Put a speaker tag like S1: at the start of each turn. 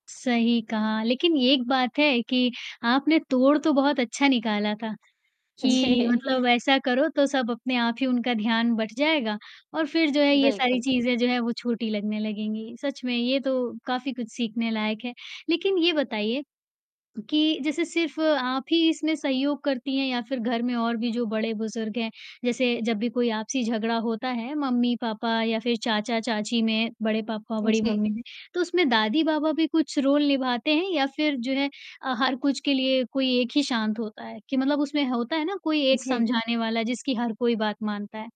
S1: सही कहा, लेकिन एक बात है कि आपने तोड़ तो बहुत अच्छा निकाला था कि
S2: जी।
S1: मतलब ऐसा करो तो सब अपने आप ही उनका ध्यान बँट जाएगा और फ़िर जो है ये सारी
S2: बिल्कुल।
S1: चीज़ें जो हैं, वो छोटी लगने लगेंगी, सच में ये तो काफ़ी कुछ सीखने लायक है, लेकिन ये बताइए कि जैसे सिर्फ़ आप ही इसमें सहयोग करती हैं या फ़िर घर में और भी जो बड़े-बुज़ुर्ग हैं, जैसे जब भी कोई आपसी झगड़ा होता है, मम्मी-पापा या फ़िर चाचा-चाची में, बड़े पापा-बड़ी
S2: जी।
S1: मम्मी में, तो उसमें दादी-बाबा भी कुछ रोल निभाते हैं या फ़िर जो है, हर कुछ के लिए कोई एक ही शांत होता है कि मतलब उसमें होता है ना कोई एक
S2: जी।
S1: समझाने वाला जिसकी हर कोई बात मानता है?